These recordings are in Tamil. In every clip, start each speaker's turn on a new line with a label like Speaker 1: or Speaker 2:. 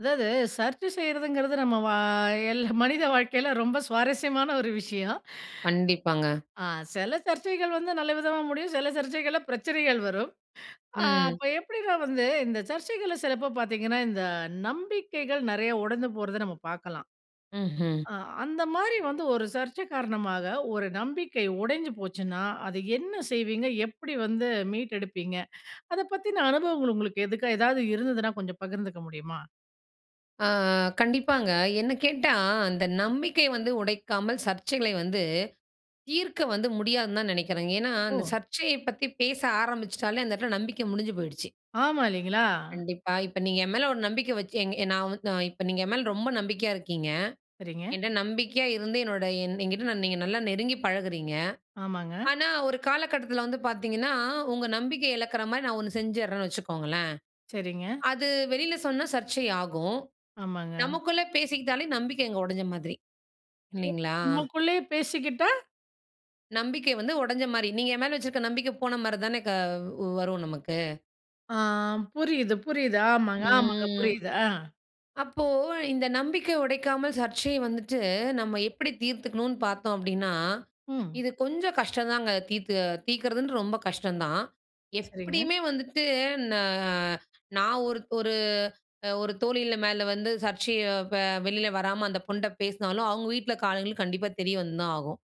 Speaker 1: அதாவது சர்ச்சை செய்றதுங்கிறது நம்ம வா எல்லா மனித வாழ்க்கையில ரொம்ப சுவாரஸ்யமான ஒரு விஷயம்.
Speaker 2: கண்டிப்பாங்க.
Speaker 1: ஆ. சில சர்ச்சைகள் வந்து நல்ல விதமா முடியும். சில சர்ச்சைகள்ல பிரச்சனைகள் வரும். ஆ.
Speaker 2: ம்.
Speaker 1: அப்போ எப்படி நான் வந்து இந்த சர்ச்சைகள்ல சிலப்போ பார்த்தீங்கனா, இந்த நம்பிக்கைகள் நிறைய உடைந்து போறதை நம்ம பார்க்கலாம்.
Speaker 2: ம்ஹ்ம்.
Speaker 1: அ அந்த மாதிரி வந்து ஒரு சர்ச்சை காரணமாக, ஒரு நம்பிக்கை உடைஞ்சு போச்சுன்னா அதை என்ன செய்வீங்க? எப்படி வந்து மீட்டு எடுப்பீங்க? அதை பத்தின அனுபவங்கள், உங்களுக்கு எதுக்கு எதாவது இருந்ததுன்னா கொஞ்சம் பகிர்ந்துக்க முடியுமா?
Speaker 2: அ கண்டிப்பாங்க. என்ன கேட்டா, அந்த நம்பிக்கை வந்து உடைக்காமல் சர்ச்சைகளை வந்து, தீர்க்க வந்து முடியாதுனு தான் நினைக்கிறேங்க. ஏனா அந்த
Speaker 1: ஓ!
Speaker 2: சர்ச்சையை பத்தி பேச ஆரம்பிச்சுட்டாலே, அந்த இடத்தில நம்பிக்கை முடிஞ்சு போயிடுச்சு.
Speaker 1: ஆமா, இல்லைங்களா?
Speaker 2: கண்டிப்பா. இப்ப நீங்க என் மேல ஒரு நம்பிக்கை வச்சு, எங் நான் வ அ இப்போ நீங்க என் மேல ரொம்ப நம்பிக்கையா இருக்கீங்க.
Speaker 1: சரிங்க.
Speaker 2: என்ட நம்பிக்கையா இருந்து, என்னோட என் என்கிட்ட நீங்க நல்லா நெருங்கி பழகுறீங்க.
Speaker 1: ஆமாங்க.
Speaker 2: ஆனா, ஒரு காலகட்டத்தில வந்து பார்த்தீங்கன்னா, உங்க நம்பிக்கை இழக்கிற மாதிரி நான் ஒண்ணு செஞ்சுர்றேன்னு வச்சுக்கோங்களேன்,
Speaker 1: சரிங்க.
Speaker 2: அது வெளில சொன்னா சர்ச்சை ஆகும்.
Speaker 1: ஆமாங்க.
Speaker 2: நமக்குள்ளே பேசிக்கிட்டாலே நம்பிக்கை அங்க உடைஞ்ச மாதிரி, இல்லைங்களா?
Speaker 1: நமக்குள்ளையே பேசிக்கிட்டா
Speaker 2: நம்பிக்கை வந்து உடைஞ்சமாரி. நீங்க என் மேல வச்சிருக்க நம்பிக்கை போனமாரி தான க வரும் நமக்கு.
Speaker 1: ஆ புரியுது, புரியுது. ஆமாங்க, ஆமாங்க.
Speaker 2: ம்.
Speaker 1: புரியுது. ஆ.
Speaker 2: அப்போ இந்த நம்பிக்கையை உடைக்காமல் சர்ச்சையை வந்துட்டு, நம்ம எப்படி தீர்த்துக்கணும்ன்னு பார்த்தோம் அப்படீன்னா,
Speaker 1: ம்.
Speaker 2: இது கொஞ்சம் கஷ்டந்தாங்க தீர்த்து தீர்க்கிறதுன்றது ரொம்ப கஷ்டம் தான்.
Speaker 1: சரிங்க.
Speaker 2: எப்படியுமே வந்துட்டு, ந நான் ஒரு ஒரு அ ஒரு தோழி மேல வந்து சர்ச்சைய ப வெளில வராம அந்த பொண்ணுட்ட பேசினாலும், அவுங்க வீட்ல காலைல கண்டிப்பா தெரிய வந்துதான் ஆகும்.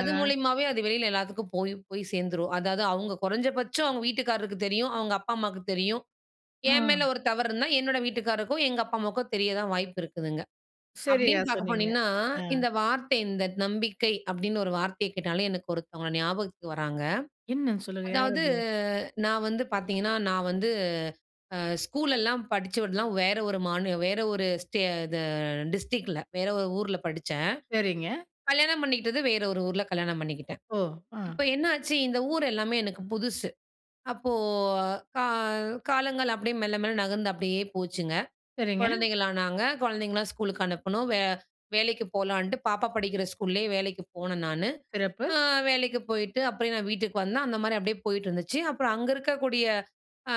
Speaker 2: அது மூலியமாவே, அது வெளில எல்லாத்துக்கும் போய் போய் சேர்ந்துரும். அதாவது அவுங்க குறைஞ்ச பட்சம் அவுங்க வீட்டுக்காரருக்கு தெரியும், அவுங்க அப்பா, அம்மாக்கு தெரியும். என்
Speaker 1: ஆ.
Speaker 2: மேல ஒரு தவறு இருந்தா, என்னோட வீட்டுக்காரருக்கும், எங்க அப்பா, அம்மாவுக்கும் தெரிய தான் வாய்ப்பு இருக்குதுங்க.
Speaker 1: சரியா
Speaker 2: அப்டீன்னு பார்க்க
Speaker 1: சொன்னீங்க.
Speaker 2: போனீங்கன்னா,
Speaker 1: ஆ.
Speaker 2: இந்த வார்த்தை இந்த "நம்பிக்கை" அப்படீன்னு ஒரு வார்த்தைய கேட்டாலே, எனக்கு ஒருத்தவங்க ஞாபகத்துக்கு வராங்க.
Speaker 1: என்னன்னு சொல்லுங்க. யார்
Speaker 2: அதாவது
Speaker 1: அது?
Speaker 2: நான் வந்து பார்த்தீங்கன்னா, நான் வந்து அ ஸ்கூலல்லாம் படிச்சு விடலாம் வேற ஒரு மாநி வேற ஒரு ஸ்டே இது டிஸ்ட்ரிக்ட்ல. வேற ஒரு ஊர்ல படிச்சேன்.
Speaker 1: சரிங்க.
Speaker 2: கல்யாணம் பண்ணிக்கிட்டது வேற ஒரு ஊர்ல, கல்யாணம் பண்ணிக்கிட்டேன்.
Speaker 1: ஓ! ஆ.
Speaker 2: இப்ப என்னாச்சு, இந்த ஊர் எல்லாமே எனக்கு புதுசு. அப்போ கா காலங்கள் அப்படீயே மெல்ல மெல்ல நகர்ந்து அப்படீயே போச்சுங்க.
Speaker 1: சரிங்க.
Speaker 2: குழந்தைகளானாங்க, குழந்தைங்கல்லாம் ஸ்கூலுக்கு அனுப்புனோம். வே வேலைக்கு போலான்ட்டு, பாப்பா படிக்கிற ஸ்கூல்லே வேலைக்கு போனேன் நானு.
Speaker 1: சிறப்பு.
Speaker 2: அ வேலைக்கு போயிட்டு, அப்பயே நான் வீட்டுக்கு வந்தேன். அந்தமாரி அப்படியே போயிட்டு இருந்துச்சு. அப்புறம் அங்க இருக்கக்கூடிய அ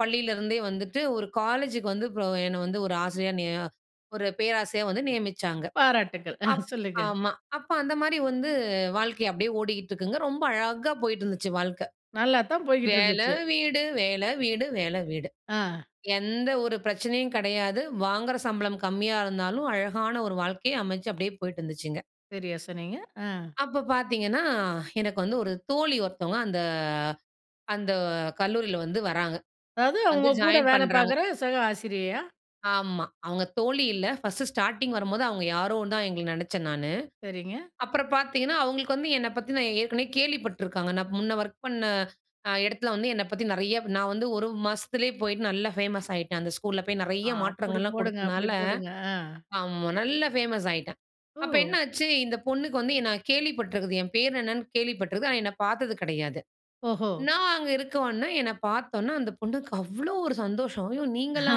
Speaker 2: பள்ளியிலேருந்தே வந்துட்டு ஒரு காலேஜுக்கு வந்து ப்ரோ என்ன வந்து ஒரு ஆசிரியரா நிய ஒரு பேராசிரியரா வந்து நியமிச்சாங்க.
Speaker 1: பாராட்டுகள். ஆ
Speaker 2: அப்
Speaker 1: சொல்லுங்க.
Speaker 2: ஆமா. அப்ப அந்தமாரி வந்து வாழ்க்கைய அப்படீயே ஓடிட்டுருக்குங்க. ரொம்ப அழகா போயிட்டு இருந்துச்சு வாழ்க்க.
Speaker 1: நல்லாத்தான்
Speaker 2: வேலை,
Speaker 1: போய்க்கிட்டுருந்துச்சு.
Speaker 2: வீடு, வேலை, வீடு, வேலை, வீடு.
Speaker 1: ஆ.
Speaker 2: எந்த ஒரு பிரச்சனையும் கெடையாது. வாங்குற சம்பளம் கம்மியா இருந்தாலும், அழகான ஒரு வாழ்க்கைய அமைச்சு அப்படியே போயிட்டு இருந்துச்சுங்க.
Speaker 1: சரியா சொன்னீங்க. ஆ
Speaker 2: அப்ப பார்த்தீங்கன்னா, எனக்கு வந்து ஒரு தோழி ஒருத்தவுங்க அந்த அந்த கல்லூரில வந்து வராங்க.
Speaker 1: அதாவது
Speaker 2: வந்து
Speaker 1: அவுங்க, கூட
Speaker 2: ஜாயின்
Speaker 1: வேலை
Speaker 2: பண்றாங்க.
Speaker 1: பார்க்கிற சக ஆசிரியையா?
Speaker 2: ஆமா, அவங்க தோழி இல்ல. ஃபர்ஸ்ட்டு ஸ்டார்ட்டிங் வரும்போது அவங்க யாரோ தான் எங்கள நினைச்சேன் நானு.
Speaker 1: சரிங்க.
Speaker 2: அப்புறம் பார்த்தீங்கன்னா அவங்களுக்கு வந்து என்னை பத்தின ஏற்கனவே கேள்வி பட்ருக்காங்க. நான் முன்னே ஒர்க் பண்ண அ இடத்தில வந்து என்னை பத்தி நெறைய நான் வந்து ஒரு மாசத்திலயே போயிட்டு நல்லா ஃபேமஸ் ஆயிட்டேன். அந்த ஸ்கூல்ல போய்
Speaker 1: அ
Speaker 2: நெறைய
Speaker 1: அப்புடி
Speaker 2: மாற்றங்கள்லாம்
Speaker 1: போடுங்க! அப்புடி
Speaker 2: கொடுத்தனால
Speaker 1: போடுங்க! ஆ.
Speaker 2: ஆமா நல்லா ஃபேமஸ் ஆயிட்டேன். அப்போ
Speaker 1: ஓ!
Speaker 2: என்னாச்சு, இந்த பொண்ணுக்கு வந்து என்னை கேள்விப்பட்டிருக்குது. என் பேர் என்னன்னு கேள்விப்பட்டிருக்குது. ஆனா என்னை பார்த்தது கிடையாது.
Speaker 1: ஓஹோ!
Speaker 2: நான் அங்க இருக்கவுமே, என்னை பார்த்தவுடனே அந்த பொண்ணுக்கு அவ்ளோ ஒரு சந்தோஷம். "ஐயோ! நீங்களா?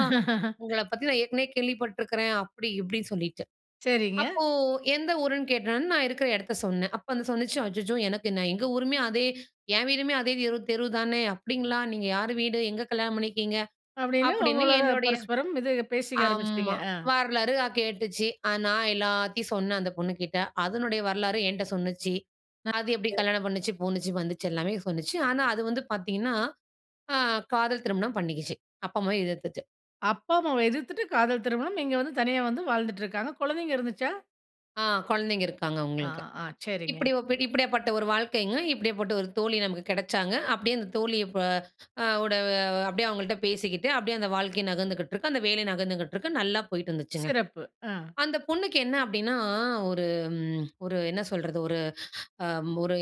Speaker 2: உங்கள பத்தி நான் ஏற்கனவே கேள்விப்பட்டுருக்கிறேன்." அப்படி இப்படின்னு சொல்லிட்டு.
Speaker 1: சரிங்க.
Speaker 2: அப்போ எந்த ஊருன்னு கேட்டவுடனே, நான் இருக்கிற இடத்த சொன்னேன். அப்போ அது சொல்லுச்சு, "அச்சச்சோ! எனக்கு நான் எங்க ஊருமே அதே என் வீடுமே அதே தெரு தெரு தானே." அப்படிங்களா! நீங்க யாரு வீடு? எங்க கல்யாணம் பண்ணிருக்கீங்க?"
Speaker 1: அப்படின்னு
Speaker 2: அப்படின்னு
Speaker 1: உங்களோட
Speaker 2: என்னுடைய
Speaker 1: பரஸ்பரம் இது பேசிக்க ஆரம்பிச்சிட்டீங்க.
Speaker 2: ஆமா.
Speaker 1: ஆ.
Speaker 2: வரலாறு அ கேட்டுச்சு. அ நான் எல்லாத்தையும் சொன்னேன் அந்த பொண்ணுகிட்ட. அதனுடைய வரலாற என்ட்ட சொல்லுச்சு.
Speaker 1: இது
Speaker 2: அது எப்படி கல்யாணம் பண்ணுச்சு, போணுச்சு, வந்துச்சு எல்லாமே சொல்லுச்சு. ஆனா அது வந்து பார்த்தீங்கன்னா அ காதல் திருமணம் பண்ணிக்கிச்சு. அப்பா, அம்மாவ எதிர்த்துட்டு.
Speaker 1: அப்பா, அம்மாவை எதிர்த்துட்டு காதல் திருமணம். இங்க வந்து தனியா வந்து வாழ்ந்துட்டிருக்காங்க. குழந்தைங்க இருந்துச்சா?
Speaker 2: ஆ, குழந்தைங்க இருக்காங்க
Speaker 1: ஆ.
Speaker 2: அவுங்களுக்கு.
Speaker 1: ஆ. சரிங்க.
Speaker 2: இப்படி ஒ இப்பிடியாப்பட்ட ஒரு வாழ்க்கைங்க. இப்பிடியாப்பட்ட ஒரு தோழி நமக்கு கிடைச்சாங்க. அப்படியே அந்த தோழி, இப்ப அ ஓட அப்படியே அவங்கள்ட்ட பேசிக்கிட்டு, அப்படியே அந்த வாழ்க்கை நகர்ந்துகிட்டிருக்கு. அந்த வேலை நகர்ந்துகிட்டிருக்கு. நல்லா போயிட்டு இருந்துச்சுங்க.
Speaker 1: சிறப்பு! அ.
Speaker 2: அந்த பொண்ணுக்கு என்ன அப்படீன்னா, ஒரு ம் ஒரு என்ன சொல்றது? ஒரு அம் ஒரு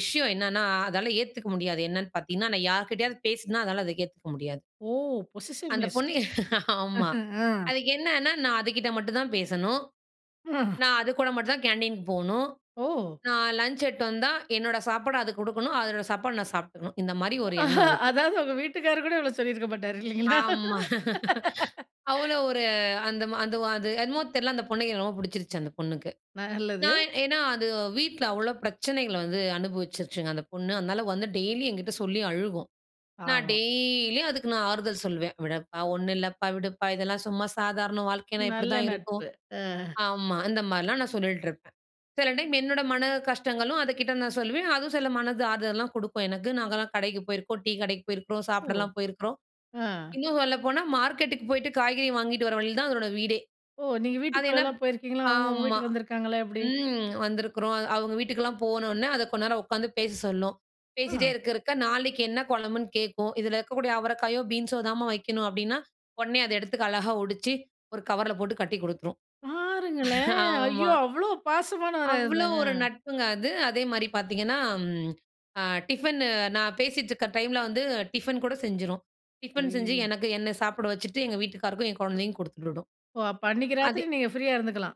Speaker 2: விஷயம் என்னன்னா, அதால ஏத்துக்க முடியாது. என்னன்னு பார்த்த்தீங்கன்னா, நான் யார்க்கிட்டயாவது பேசினா, அதால அத ஏத்துக்க முடியாது.
Speaker 1: ஓ!
Speaker 2: அந்த
Speaker 1: பொசசிவ்நெஸ்.
Speaker 2: பொண்ணு. ஆமா.
Speaker 1: அஹ. அ.
Speaker 2: அதுக்கு என்னன்னா, நான் அதுகிட்ட மட்டும் தான் பேசணும்.
Speaker 1: [unintelligible]
Speaker 2: நான் அதுக்கூட மட்டும்தான் கேன்டீனுக்கு போணும்.
Speaker 1: ஓ!
Speaker 2: நான் லஞ்ச் எடுத்துட்டு வந்தா, என்னோட சாப்பாட அதுக்குடுக்கணும். அதோட சாப்பாடு நான் சாப்பிட்டுக்கணும். இந்த மாரி ஒரு எண்ணம் அதுக்கு.
Speaker 1: அதாவது, உங்க வீட்டுக்காரு கூட இவ்வளோ சொல்லிருக்க மாட்டாரு, இல்லீங்களா?
Speaker 2: ஆமா. அவ்வளோ ஒரு அந்த ம அந்த ஒ அது என்னமோ தெரியல. அந்த பொண்ணுக்கு என்ன ரொம்ப புடிச்சிருச்சு அந்த பொண்ணுக்கு.
Speaker 1: நல்லது.
Speaker 2: நான் ஏன்னா அது வீட்ல அவ்வளோ பிரச்சனைகள வந்து அனுபவிச்சுருச்சுங்க அந்த பொண்ணு. அதனால வந்து டெய்லி என்கிட்ட சொல்லி அழுகும். நான்
Speaker 1: ஆமா.
Speaker 2: டெய்லியும் அதுக்கு, நான் ஆறுதல் சொல்லுவேன். "விடப்பா. ஒண்ணும் இல்லைப்பா. விடுப்பா இதெல்லாம் சும்மா சாதாரணம். வாழ்க்கைனா
Speaker 1: நல்ல
Speaker 2: இப்படிதான் இருக்கும்."
Speaker 1: நட்பு! அ.
Speaker 2: ஆமா. இந்த மாரிலாம் நான் சொல்லிட்டுருப்பேன். சில டைம் என்னோட மன கஷ்டங்களும், அதுக்கிட்ட நான் சொல்லுவேன். அதுவும் சில மனது ஆறுதலலாம் குடுக்கும் எனக்கு. நாங்கலாம் கடைக்கு போயிருக்கோம். டீ கடைக்கு போயிருக்கிறோம்.
Speaker 1: ஓ!
Speaker 2: சாப்பிடலாம் போயிருக்கிறோம்.
Speaker 1: அ.
Speaker 2: இன்னும் சொல்லப்போனா, மார்க்கெட்‌க்கு போய்ட்டு காய்கறி வாங்கிட்டு வர வழில தான் அதனோட வீடே.
Speaker 1: ஓ! நீங்க
Speaker 2: அது என்ன
Speaker 1: வீட்டுக்குள்ளலாம்
Speaker 2: ப்
Speaker 1: போயிருக்கீங்களா? அவுங்க உங்க
Speaker 2: ஆமா.
Speaker 1: வீட்டுக்கு வந்துருக்காங்களா, எப்படி?
Speaker 2: ம். வந்திருக்கிறோம். அ அவுங்க வீட்டுக்கெல்லாம் போன உடன, அது கொஞ்நேரம் உட்காந்து பேச சொல்லும். பேசிட்டே
Speaker 1: ஆ.
Speaker 2: இருக்க இருக்க நாளைக்கு என்ன கொழம்புன்னு கேட்கும். "இதுல இருக்கக்கூடிய அவரைக்காயோ, பீன்ஸோ தாம்மா வைக்கணும்" அப்பிடீன்னா, உடனே அத எடுத்துக்கு அழகா ஒடிச்சு, ஒரு கவர்ல போட்டு கட்டி குடுத்துரும்.
Speaker 1: பாருங்களேன். ஐயோ!
Speaker 2: ஆமா.
Speaker 1: அவ்வளோ பாசமானவரா
Speaker 2: அவ்வளோ
Speaker 1: இருந்தாங்க?
Speaker 2: ஒரு நட்புங்க அது. அதேமாரி பார்த்தீங்கன்னா ம் அ டிஃபன்னு நான் பேசிட்டிருக்க டைமுல வந்து டிஃபன் கூட செஞ்சுரும். டிஃபன் செஞ்சு,
Speaker 1: அய்யோ!
Speaker 2: எனக்கு என்ன சாப்பிட வச்சுட்டு, எங்க வீட்டுக்காருக்கும் என் கொழந்தைக்கும் குடுத்துவிடும்.
Speaker 1: ஓ! அப்போ அன்னிக்கு
Speaker 2: அது
Speaker 1: ராத்திரி, நீங்க ஃப்ரீயா இருந்துக்கலாம்.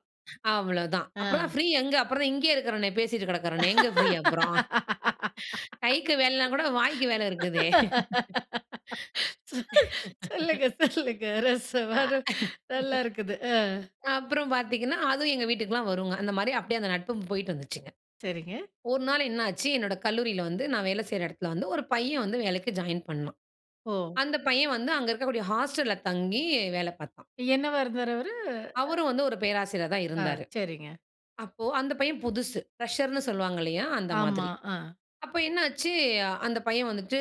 Speaker 2: அவ்வளோதான். அப்பறம்தான்
Speaker 1: அ.
Speaker 2: ஃப்ரீ எங்க? அப்புறம் தான் இங்கேயே இருக்கிறனே. பேசிட்டு கிடக்கிறேனே. எங்கே ஃப்ரீ அப்பறம்? கைக்கு வேலையில்லனா கூட வாய்க்கு வேலை இருக்குதே!
Speaker 1: சொல்லுங்க. சொல்லுங்க. ரசவாதம் நல்லாருக்குது. அ
Speaker 2: அப்பறம் பார்த்தீங்கன்னா, அதுவும் எங்க வீட்டுக்கெல்லாம் வருங்க. அந்த மாரி அப்படியே அந்த நட்பும் போயிட்டுருந்துச்சுங்க.
Speaker 1: சரிங்க.
Speaker 2: ஒரு நாள் என்னாச்சு? என்னோட கல்லூரியில வந்து நான் வேல செய்ற இடத்துல வந்து, ஒரு பையன் வந்து வேலைக்கு ஜாயின் பண்ணான்.
Speaker 1: ஓ!
Speaker 2: அந்த பையன் வந்து அங்க இருக்கக்கூடிய ஹாஸ்டல்‌ல தங்கி வேல பார்த்தான்.
Speaker 1: என்னவா இருந்தாரு அவரு? அ.
Speaker 2: அவரும் வந்து ஒரு பேராசிரியர் தான்
Speaker 1: ஆ,
Speaker 2: இருந்தாரு.
Speaker 1: சரிங்க.
Speaker 2: அப்போ, அந்த பையன் புதுசு. ஃபிரஷர்ன்னு சொல்லுவாங்க இல்லையா? அந்த
Speaker 1: ஆமா.
Speaker 2: மாதிரி.
Speaker 1: ஆ.
Speaker 2: அப்போ என்னாச்சு? அந்த பையன் வந்துட்டு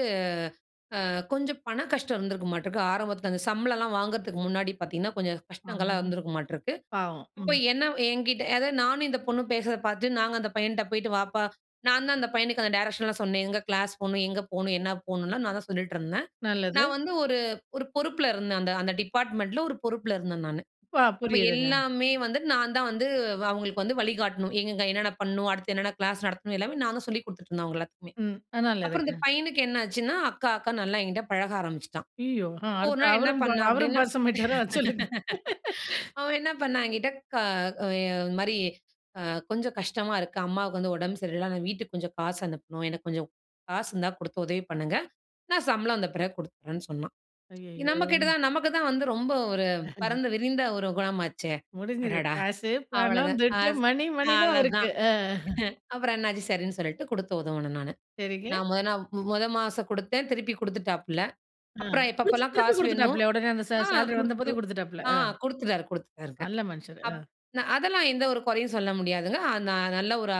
Speaker 2: அ கொஞ்சம் பண கஷ்டம் இருந்துருக்குமாட்டுக்கு. ஆரம்பத்துல அந்த சம்பளம்லாம் வாங்குறதுக்கு முன்னாடி பார்த்தீங்கன்னா, கொஞ்சம் கஷ்டங்கள்லாம்
Speaker 1: ஆமா.
Speaker 2: இருந்துருக்குமாட்டுருக்கு.
Speaker 1: பாவம்.
Speaker 2: அப்போ
Speaker 1: ம்.
Speaker 2: என்ன என்கிட்ட அதாவது நானும் இந்த பொண்ணும் பேசுறத பார்த்து, நாங்க அந்த பையன்ட்ட போயிட்டு, "வாப்பா" நான்தான் அந்த பையனுக்கு, அந்த டைரக்ஷன்லாம் சொன்னேன். எங்க கிளாஸ் போகணும்? எங்க போகணும்? என்ன போகணும்லாம், நான் தான் சொல்லிட்டு இருந்தேன்.
Speaker 1: நல்லது.
Speaker 2: நான் வந்து ஒரு ஒரு பொறுப்புல இருந்தேன், அந்த அந்த டிப்பார்ட்மெண்ட்டுல, ஒரு பொறுப்புல இருந்தேன் நானு.
Speaker 1: பா
Speaker 2: அப்போ,
Speaker 1: புரியுதுங்க.
Speaker 2: எல்லாமே வந்து நான் தான் வந்து அவுங்களுக்கு வந்து வழி காட்டணும். எங்கெங்க, என்னென்ன பண்ணணும்? அடுத்து என்னென்ன கிளாஸ் நடத்தணும்? எல்லாமே நான் தான் சொல்லிக் குடுத்துட்டு இருந்தேன் அவுங்க எல்லாத்துக்குமே.
Speaker 1: ம். அ
Speaker 2: அப்பறம் இந்த
Speaker 1: நல்லதுங்க.
Speaker 2: பையனுக்கு என்ன ஆச்சுன்னா, அக்கா அக்கானு நல்லா என்கிட்ட பழக ஆரம்பிச்சுட்டான்.
Speaker 1: ஐயயோ! அ
Speaker 2: அப்போ, ஒரு
Speaker 1: அடுத்து
Speaker 2: நாள் என்ன
Speaker 1: அவரும் ப
Speaker 2: பண்ணான்
Speaker 1: அவரும்
Speaker 2: அப்பிடீன்னா.
Speaker 1: பாசமாயிட்டாரா? சொல்லுங்க.
Speaker 2: அவன் என்ன பண்ணான் என்கிட்ட கா எ இது மாரி அ கொஞ்சம் கஷ்டமா இருக்கு. அம்மாவுக்கு வந்து உடம்பு சரியில்ல. நான் வீட்டுக்கு கொஞ்சம் காசு அனுப்பணும். எனக்கு கொஞ்சம் காசு இருந்தா, குடுத்து உதவி பண்ணுங்க. நான் சம்பளம் வந்த பிறகு குடுத்துறேன்னு சொன்னான்.
Speaker 1: ஐயயோ!
Speaker 2: நம்ம கிட்ட தான் நமக்கு தான் வந்து ரொம்ப ஒரு
Speaker 1: [unintelligible]
Speaker 2: பரந்து விரிந்த ஒரு குணம் ஆச்சே.
Speaker 1: முடிஞ்சுது.
Speaker 2: அடடா!
Speaker 1: காசு, பணம்,
Speaker 2: அவ்வளதான்.
Speaker 1: துட்டு,
Speaker 2: அஸ்!
Speaker 1: மணி மணி தான் அவருக்கு.
Speaker 2: அவ்வளதான்.
Speaker 1: அ. அஹ.
Speaker 2: அப்பறம் என்னாச்சு. சரின்னு சொல்லிட்டு குடுத்து உதவுனேன் நானு.
Speaker 1: சரிங்க.
Speaker 2: நான் முத நாள் மு முத மாசம் குடுத்தேன். திருப்பி குடுத்துட்டாப்ல.
Speaker 1: அ.
Speaker 2: அப்பறம்
Speaker 1: குடுத்துட்டு
Speaker 2: எப்பப்பல்லாம்
Speaker 1: திருப்பி
Speaker 2: காசு வேணுமோ,
Speaker 1: குடுத்துட்டாப்லயா? உடனே, அந்த சே
Speaker 2: ஆ
Speaker 1: சேலரி வந்தபோதே
Speaker 2: குடுத்துரு
Speaker 1: குடுத்துட்டாப்ல.
Speaker 2: ஆ
Speaker 1: அ.
Speaker 2: குடுத்துட்டாரு குடுத்துட்டாருங்க.
Speaker 1: நல்ல மனுஷரு.
Speaker 2: அப்
Speaker 1: அ.
Speaker 2: ந அதெல்லாம் எந்த ஒரு கொறையும் சொல்ல முடியாதுங்க. அ ந நல்ல ஒரு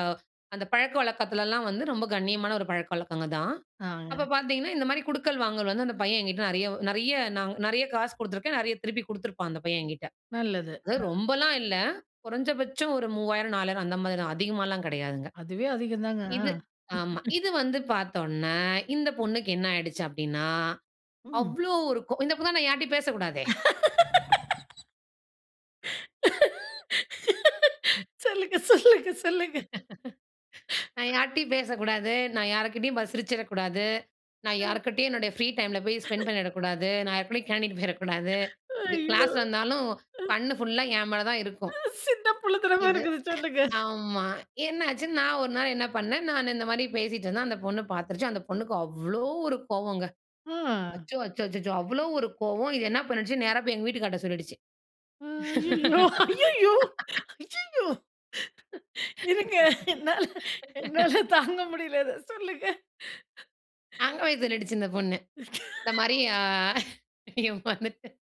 Speaker 2: அந்த பழக்க வழக்கத்துலலாம் வந்து, ரொம்ப கண்ணியமான ஒரு பழக்க வழக்கங்க தான். அப்ப
Speaker 1: ஆமாங்க.
Speaker 2: பார்த்தீங்கன்னா, இந்த மாரி குடுக்கல் வாங்கல் வந்து அந்த பையன் என்கிட்ட நெறைய நெறைய, நான் நெறைய காசு குடுத்துருக்கேன். நெறைய திருப்பி குடுத்துருப்பான் அந்த பையன் என்கிட்டே.
Speaker 1: நல்லது.
Speaker 2: அது
Speaker 1: அ.
Speaker 2: ரொம்பலாம் இல்ல. குறைஞ்சபட்சம் ஒரு 3000, 4000 அந்த மாரி தான். அதிகமாலாம் கெடையாதுங்க.
Speaker 1: அதுவே அதிகந்தாங்க. அ.
Speaker 2: இது ஆமா. இது வந்து பார்த்தோன, இந்த பொண்ணுக்கு என்ன ஆயிடுச்சு அப்படீன்னா,
Speaker 1: ம்.
Speaker 2: அவ்வளோ ஒரு கோ இந்த பொண்ணு தான், நான் யார்ட்டயும் பேசக்கூடாதே. ம்.
Speaker 1: சொல்லுங்க, சொல்லுங்க, சொல்லுங்க.
Speaker 2: நான் யார்ட்டயும் பேசக்கூடாது. நான் யார்க்கிட்டயும் பாத்து சிரிச்சுறக்கூடாது. நான்
Speaker 1: ஆ.
Speaker 2: யார்க்கிட்டயும் என்னுடைய ஃப்ரீ டைமுல போய் ஸ்பெண்ட் பண்ணிடக்கூடாது. நான் யாரு கூடேயும் கேன்டீனுக்கு போயிறக்கூடாது. இது
Speaker 1: ஐயோ!
Speaker 2: கிளாஸ்ல இருந்தாலும்,
Speaker 1: அ.
Speaker 2: கண்ணு ஃபுல்லா என் மேல தான்
Speaker 1: அ
Speaker 2: இருக்கும்.
Speaker 1: சின்ன புள்ளைத்தனமா
Speaker 2: இது.
Speaker 1: இருக்குது. சொல்லுங்க.
Speaker 2: அ ஆமா. என்னாச்சு. நான் ஒரு நாள் என்ன பண்ணேன்? நான் இந்த மாரி பேசிட்டு இருந்தேன். அந்த பொண்ணு பார்த்துருச்சு. அந்த பொண்ணுக்கு அவ்வளோ ஒரு கோவங்க.
Speaker 1: ஆ.
Speaker 2: அச்சோ! அச்சோ! அச்சச்சோ! அவ்வளோ ஒரு கோவம். இது என்னா பண்ணிடுச்சு? நேரா போய் எங்க வீட்டுக்காரர்ட்ட சொல்லிடுச்சு.
Speaker 1: ஆ. ஐயயோ! ஐயய்யோ! ஐயய்யோ! இருங்க. என்னால, என்னால தாங்க முடியல, அத. சொல்லுங்க.
Speaker 2: அங்கபோய் சொல்லிடுச்சு இந்த பொண்ணு. இந்த மாரி அ ஏமாந்துட்டேனு.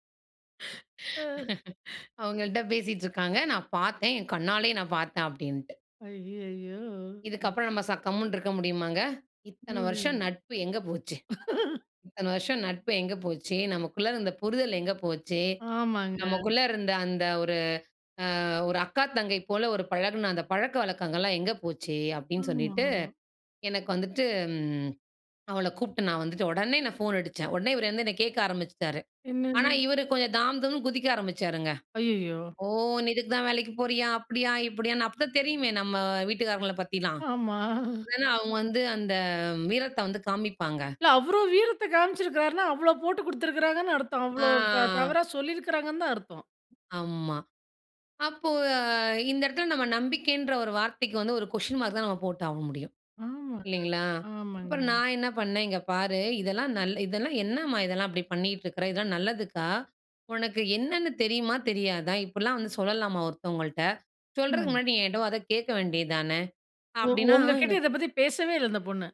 Speaker 1: ஆ.
Speaker 2: அவுங்கள்ட்ட பேசிட்டு இருக்காங்க. "நான் பாத்தேன். என் கண்ணாலயே நான் பாத்தேன்." அப்பிடின்ட்டு.
Speaker 1: அய்யயோ!
Speaker 2: இதுக்கப்புறம் நம்ம ச கம்முன்னு இருக்க முடியுமாங்க? "இத்தன வருஷம்
Speaker 1: [unintelligible]
Speaker 2: நட்பு எங்க போச்சு? இத்தன வருஷம் நட்பு எங்க போச்சு? நமக்குள்ள இருந்த புரிதல் எங்க போச்சு?
Speaker 1: ஆமாங்க.
Speaker 2: நமக்குள்ள இருந்த அந்த ஒரு, அ ஒரு அக்கா, தங்கை போல ஒரு பழகுன அந்த பழக்க வழக்கங்கள்லாம் எங்க போச்சு?" அப்பிடின்னு சொல்லிட்டு,
Speaker 1: ஆமா.
Speaker 2: எனக்கு வந்துட்டு ம் அவள கூப்ட்டு நான் வந்துட்டு, ஒடனே நான் ஃபோன் அடிச்சேன். ஒடனே இவரு வந்து என்ன கேக்க ஆரம்பிச்சுட்டாரு. ஆனா,
Speaker 1: என்னன்னு?
Speaker 2: இவரு கொஞ்சம் தாம் தூம்ன்னு குதிக்க ஆரம்பிச்சாருங்க.
Speaker 1: அய்யயோ!
Speaker 2: ஓ! நீ இதுக்கு தான் வேலைக்கு போறியா? அப்பிடியா, இப்பிடியான்னு அப்பதான் தெரியுமே! நம்ம வீட்டுக்காரங்கள பத்திலாம்.
Speaker 1: ஆமா.
Speaker 2: இல்லன்னா அவுங்க வந்து அந்த வீரத்த வந்து காமிப்பாங்க.
Speaker 1: இல்ல, அவரும் வீரத்த காமிச்சிருக்காருன்னா, அவ்ளோ போட்டு குடுத்துருக்காங்கன்னு அர்த்தம். அவ்ளோ ஒரு, த
Speaker 2: ஆ.
Speaker 1: தவறா சொல்லியிருக்குறாங்கன்னு தான் அர்த்தம்.
Speaker 2: ஆமா. அப்போ இந்த எடத்துல நம்ம நம்பிக்கைன்ற ஒரு வார்த்தைக்கு வந்து, ஒரு கொஸ்டின் மார்க் தான் நம்ம போட்டு ஆவ முடியும்.
Speaker 1: ம்.
Speaker 2: இல்லங்களா?
Speaker 1: ஆமாங்க, ஆமாங்க.
Speaker 2: அப்புறம், நான் என்ன பண்ணேன், "இங்க பாரு! இதெல்லாம், நல் இதெல்லாம் என்னம்மா? இதெல்லாம் இப்படி பண்ணிட்டு இருக்கிற? இதெல்லாம் நல்லதுக்கா! உனக்கு என்னென்னு தெரியுமா? தெரியாதா? இப்பிடிலாம் வந்து சொல்லலாமா ஒருத்தவுங்கள்ட்ட? சொல்றதுக்கு
Speaker 1: ம்.
Speaker 2: முன்னாடி நீ என்ட்ட ஒரு வார்த்த கேக்க வேண்டியது தான!"
Speaker 1: ஒ
Speaker 2: அப்பிடின்னா
Speaker 1: ஒங்ககிட்ட
Speaker 2: எனக்கு
Speaker 1: இத பத்தி பேசவே இல்ல, அந்த பொண்ணு!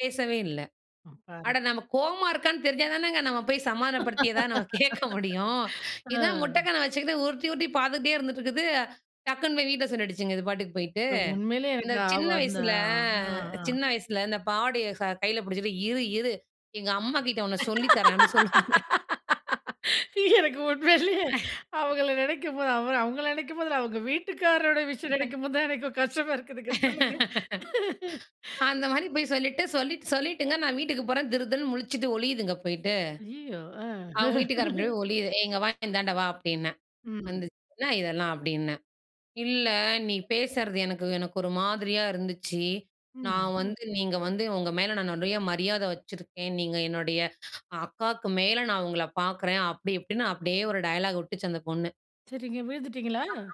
Speaker 2: பேசவே இல்லை.
Speaker 1: ம் பாரு.
Speaker 2: அட நம்ம கோவமா இருக்கான்னு தெரிஞ்சா தானங்க நம்ம போய் சமாதானப்படுத்தி எதாவது நம்ம கேட்க முடியும். இதான் முட்ட
Speaker 1: அ.
Speaker 2: கண்ண வச்சுக்கிட்டு, உருட்டி, உருட்டி பார்த்துக்கிட்டே இருந்துட்டு இருக்குது, டக்குன்னு போய் வீட்டில சொல்லிடிச்சுங்க, இது பாட்டுக்கு போயிட்டு.
Speaker 1: உண்மையிலேயே
Speaker 2: இந்த
Speaker 1: எனக்கு அவ
Speaker 2: சின்ன
Speaker 1: அந்த
Speaker 2: வயசில
Speaker 1: அ அஹ அ.
Speaker 2: சின்ன வயசில இந்த பாவடயை ச கையில பிடிச்சிட்டு, "இரு இரு எங்க அம்மாகிட்ட உன்ன சொல்லி தரேன்" அப்படி சொல்லுவோம்ல.
Speaker 1: எனக்கு உண்மையிலேயே அவங்கள நினைக்கும் போது அவ அவங்கள நினைக்கும்போது, அவங்க வீட்டுக்காரரோட விஷயம்
Speaker 2: [unintelligible]
Speaker 1: நினைக்கும் போது தான் எனக்கு கஷ்டமா இருக்குதுங்க, சொல்லுங்க.
Speaker 2: அந்த மாதிரி போய் சொல்லிட்டு சொல்லி சொல்லிட்டுங்க நான் வீட்டுக்கு போறேன், திருதிருன்னு முழிச்சுட்டு ஒளியிதுங்க போய்ட்டு.
Speaker 1: அய்யயோ! அ.
Speaker 2: அவங்க வீட்டுக்காரன் பின்னாடி போய் ஒளியுது. "ஏ! இங்கே வா இந்தாண்ட வா" அப்படின்னேன்,
Speaker 1: ம்.
Speaker 2: வந்துச்சு. "என்ன இதெல்லாம்?" அப்டீன்னேன், "இல்ல நீ பேசறது எனக்கு எனக்கு ஒரு மாதிரியா இருந்துச்சு.
Speaker 1: ம்.
Speaker 2: நான் வந்து நீங்க வந்து உங்க மேலே நான் நிறைய மரியாதை வச்சிருக்கேன், நீங்க என்னுடைய அக்காக்கு மேலே நான் உங்கள பார்க்குறேன்" அப்படி இப்படின்னு அப்படியே ஒரு டயலாக் விட்டுச்சு அந்த பொண்ணு.
Speaker 1: சரிங்க விழுந்துட்டீங்களா?
Speaker 2: அப்புறம்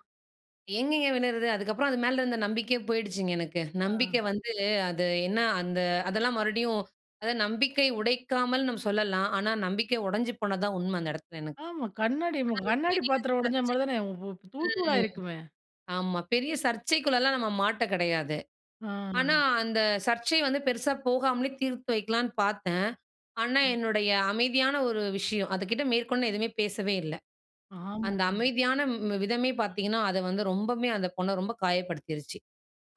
Speaker 2: எங்கேங்க விடறது. அதுக்கப்புறம் அது மேல இருந்த நம்பிக்கையே போயிடுச்சுங்க எனக்கு.
Speaker 1: அ.
Speaker 2: நம்பிக்கை வந்து அது என்ன அந்த அதெல்லா மறுபடியும் அதாவது நம்பிக்கை உடைக்காமல் நாம் சொல்லலாம். ஆனா, நம்பிக்கை உடைஞ்சு போனது தான் உண்மை அந்த இடத்தில எனக்கு.
Speaker 1: ஆமா. கண்ணாடி மு
Speaker 2: அது
Speaker 1: கண்ணாடி
Speaker 2: பெரிய
Speaker 1: பாத்திரம் உடைஞ்ச மாதிரி தானே, உ உ தூள்
Speaker 2: சர்ச்சை ம்
Speaker 1: தூளாகிருக்குமே?
Speaker 2: ஆமா. பெரிய சர்ச்சைக்குள்ளலாம் நம்ம மாட்ட கிடையாது. ஆனா
Speaker 1: ஆ!
Speaker 2: அந்த சர்ச்சை வந்து பெருசா போகாமலே தீர்த்து வைக்கலாம்ன்னு பார்த்தேன். ஆனா
Speaker 1: ம்.
Speaker 2: என்னுடைய அமைதியான ஒரு விஷயம் அதுக்கிட்ட மேற்கொண்டு எதுவுமே பேசவே இல்ல.
Speaker 1: ஆமா
Speaker 2: அந்த
Speaker 1: [unintelligible]
Speaker 2: அமைதியான ம் ம் விதமே பார்த்தீங்கன்னா, அதை வந்து ரொம்பவுமே அந்த பொண்ணை ரொம்ப காயப்படுத்திருச்சி.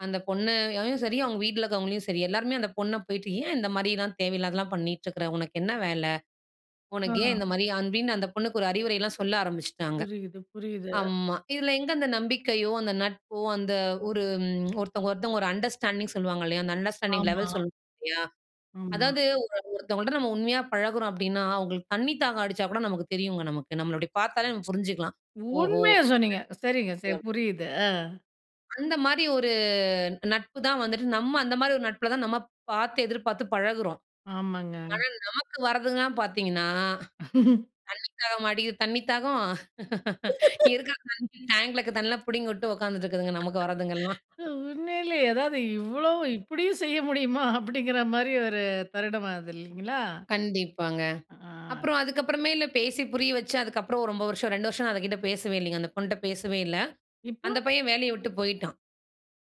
Speaker 2: அந்த பொண்ணையும் சரி, அவங்க வீட்டில இருக்கிறவங்களையும் சரி எல்லாருமே அந்த பொண்ணை போயிட்டு, "ஏன் இந்த மாதிரிலாம் தேவையில்லாதலாம் பண்ணிட்டு இருக்க? உனக்கு என்ன வேலை? உனக்கு ஏன் இந்த
Speaker 1: அ.
Speaker 2: மாதிரி?" அப்படின்னு அந்த பொண்ணுக்கு ஒரு அறிவுரைலாம் சொல்ல ஆரம்பிச்சுட்டாங்க.
Speaker 1: புரியுது, புரியுது.
Speaker 2: ஆமா. இதில எங்கே அந்த நம்பிக்கையோ, அந்த நட்போ, அந்த ஒரு ம் ஒருத்தவங்க ஒருத்தவங்க ஒரு அண்டர்ஸ்டாண்டிங் சொல்லுவாங்க இல்லையா? அந்த அண்டர்ஸ்டாண்டிங்
Speaker 1: ஆமா.
Speaker 2: லெவல் சொல் [unintelligible] இல்லையா?
Speaker 1: ஆமா.
Speaker 2: அதாவது ஒரு ஒருத்தவங்கள்ட்ட நம்ம உண்மையா பழகுறோம் அப்படீன்னா அவங்களுக்கு தண்ணி தாகம் அடிச்சா கூட நமக்கு தெரியுங்க நமக்கு. நம்மள அப்படி பார்த்தாலே நம்ம புரிஞ்சுக்கலாம், "ஓஹோ!
Speaker 1: உண்மையை சொன்னீங்க. சரிங்க
Speaker 2: தண்ணீ"
Speaker 1: சரி,
Speaker 2: [unintelligible]
Speaker 1: புரியுது அ.
Speaker 2: அந்த மாதிரி ஒரு நட்பு தான் வந்துட்டு, நம்ம அந்த மாதிரி ஒரு நட்பில தான் நம்ம பார்த்து எதிர்பார்த்து பழகுறோம்.
Speaker 1: ஆமாங்க.
Speaker 2: ஆனா நமக்கு வரதுங்களா பார்த்தீங்கன்னா, தண்ணி தாகமா அடிக்குது தண்ணி தாகம். இருக்கிற தண்ணி டேங்க்ல தண்ணியெல்லாம் பிடுங்கி விட்டு உட்காந்துட்டு இருக்குதுங்க. நமக்கு வரதுங்கலாம்.
Speaker 1: அ உண்மையிலயே, ஏதாவது இவ்ளோ இப்படியும் செய்ய முடியுமா? அப்படீங்கிற மாதிரி ஒரு தருணம் ஆகுது, இல்லைங்களா?
Speaker 2: கண்டிப்பாங்க.
Speaker 1: ஆ.
Speaker 2: அப்புறம் அதுக்கப்புறமேல பேசி புரிய வச்சு அதுக்கப்புறம் ரொம்ப வருஷம் 2 வருஷம் நான் அது கிட்ட பேசவே இல்லைங்க. அந்த பொண்ணுட்ட பேசவே இல்ல.
Speaker 1: இப்போ?
Speaker 2: அந்த பையன் வேலைய விட்டு போயிட்டான்.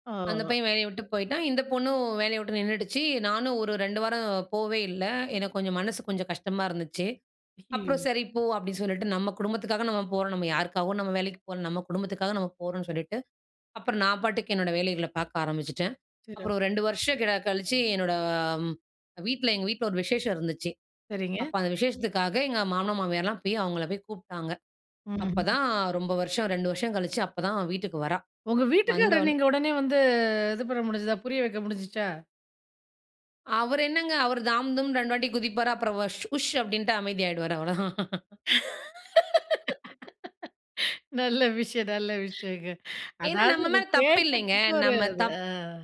Speaker 1: ஆ.
Speaker 2: அந்த பையன் வேலைய விட்டு போயிட்டான். இந்த பொண்ணும் வேலைய விட்டு நின்னுடுச்சு. நானும் ஒரு 2 வாரம் போவே இல்ல, எனக்கு கொஞ்சம் மனசு கொஞ்சம் கஷ்டமா இருந்துச்சு. அப்புறம்
Speaker 1: ஐயயோ!
Speaker 2: சரி போ அப்டீ சொல்லிட்டு, நம்ம குடும்பத்துக்காக நம்ம போறோம். நம்ம யாருக்காகவும் நம்ம வேலைக்கு போல, நம்ம குடும்பத்துக்காக நம்ம போறோம்ன்னு சொல்லிட்டு, அப்புறம் நான் பாட்டுக்கு என்னோட வேலைகள பார்க்க ஆரம்பிச்சுட்டேன். அப்புறம்
Speaker 1: சிறப்பு.
Speaker 2: 2 வருஷம் க கழிச்சு, என்னோட வீட்டில எங்க வீட்டில ஒரு விசேஷம் இருந்துச்சு.
Speaker 1: சரிங்க.
Speaker 2: அப்போ அந்த விசேஷத்துக்காக எங்க மாமனார் மாமியார்லாம் போய் அவங்களை போய் கூப்பிட்டாங்க.
Speaker 1: ம்.
Speaker 2: அப்போதான் ரொம்ப வருஷம் 2 வருஷம் கழிச்சு அப்போதான் வீட்டுக்கு வரா.
Speaker 1: உங்க வீட்டுக்கார
Speaker 2: வந்தோன்
Speaker 1: நீங்க உடனே வந்து இது பண்ண முடிஞ்சுதா? புரிய வைக்க முடிஞ்சுச்சா?
Speaker 2: அவர் என்னங்க! அவர் தாம் தும்னு 2 வாட்டி குதிப்பாரு. அப்புறம் வஷ் "உஷ்" அப்படின்ட்டு அமைதி ஆயிடுவாரு, அவ்வளவுதான்.
Speaker 1: நல்ல விஷயம். நல்ல விஷயங்க.
Speaker 2: ஏன்னா,
Speaker 1: அதாவது
Speaker 2: நம்ம
Speaker 1: இதை
Speaker 2: மேல தப்பு இல்லைங்க.
Speaker 1: கேட்டதுக்கு ஒரு
Speaker 2: நம்ம
Speaker 1: இது.
Speaker 2: தப்
Speaker 1: ஆ.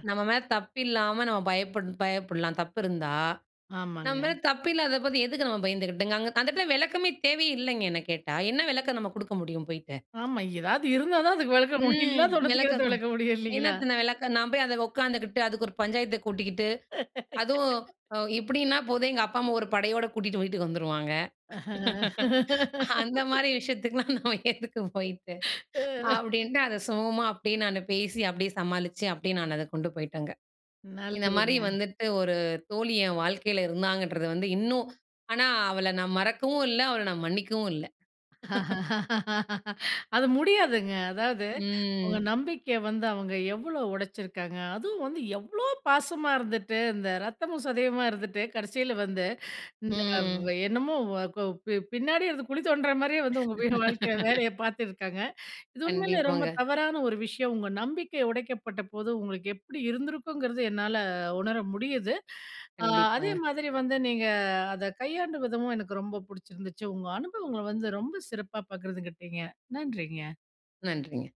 Speaker 2: நம்ம மேல தப்பு இல்லாம நம்ம பயப்படணும் பயப்படலாம் தப்பு இருந்தா. நம்ம
Speaker 1: ஆமாங்க.
Speaker 2: மேல தப்பு இல்லாத போது எதுக்கு நம்ம பயந்துக்கிட்டுங்க? அங்க அந்த இடத்துல விளக்கமே தேவையே இல்லைங்க. என்ன கேட்டா, "என்ன விளக்கம் நம்ம கொடுக்க முடியும் போய்ட்டு?"
Speaker 1: ஆமா, ஏதாவது இருந்தா தான் அத விளக்க முடியும்.
Speaker 2: ம்.
Speaker 1: இல்லாத ஒண்ணத்துக்கு என்னத
Speaker 2: விளக்கம்
Speaker 1: விளக்க முடியும், இல்லைங்களா?
Speaker 2: என்னத்த நான் விளக்க? நான் போய் அதை உட்காந்துக்கிட்டு, அதுக்கு ஒரு பஞ்சாயத்தை கூட்டிக்கிட்டு அதுவும் அ இப்படின்னா போதும் எங்க அப்பா, அம்மா ஒரு படையோட கூட்டிகிட்டு வீட்டுக்கு வந்துருவாங்க. அந்த மாதிரி விஷயத்துக்குலாம் நம்ம எதுக்கு போய்ட்டு?
Speaker 1: ம்.
Speaker 2: அப்டீன்ட்டு. அதை சுமூகமா அப்டீயே நானு பேசி, அப்படியே சமாளிச்சு, அப்டீயே நான் அதை கொண்டு போயிட்டேங்க. இந்த மாதிரி
Speaker 1: நல்லதுங்க.
Speaker 2: வந்துட்டு ஒரு தோழி என் வாழ்க்கையில இருந்தாங்கன்றது வந்து இன்னும் ஆனா அவளை நான் மறக்கவும் இல்ல, அவள நான் மன்னிக்கவும் இல்ல.
Speaker 1: அது முடியாதுங்க. அதாவது உங்க
Speaker 2: ம்.
Speaker 1: நம்பிக்கைய வந்து அவங்க எவ்வளோ உடைச்சிருக்காங்க? அதுவும் வந்து எவ்ளோ பாசமா இருந்துட்டு, இந்த ரத்தமும் சதயுமா இருந்துட்டு, கடைசியில வந்து இந்த வ
Speaker 2: ம்.
Speaker 1: என்னமோ வ கொ பி பின்னாடியே இருந்து குழி தோண்டுற மாதிரியே வந்து, உங்க வாழ்க்கையில வேலைய பார்த்துருக்காங்க. இது உண்மையிலயே ரொம்ப
Speaker 2: கண்டிப்பாங்க.
Speaker 1: தவறான ஒரு விஷயம். உங்க நம்பிக்கை உடைக்கப்பட்டபோது உங்களுக்கு எப்படி இருந்திருக்குங்கிறது, என்னால உணர முடியுது. அ அதே
Speaker 2: கண்டிப்பாங்க.
Speaker 1: மாதிரி வந்து நீங்க அத கையாண்ட விதமும் எனக்கு ரொம்ப பிடிச்சிருந்துச்சு. உங்க அனுபவங்களை வந்து ரொம்ப சிறப்பா பகிர்ந்துகிட்டீங்க. நன்றிங்க.
Speaker 2: நன்றிங்க.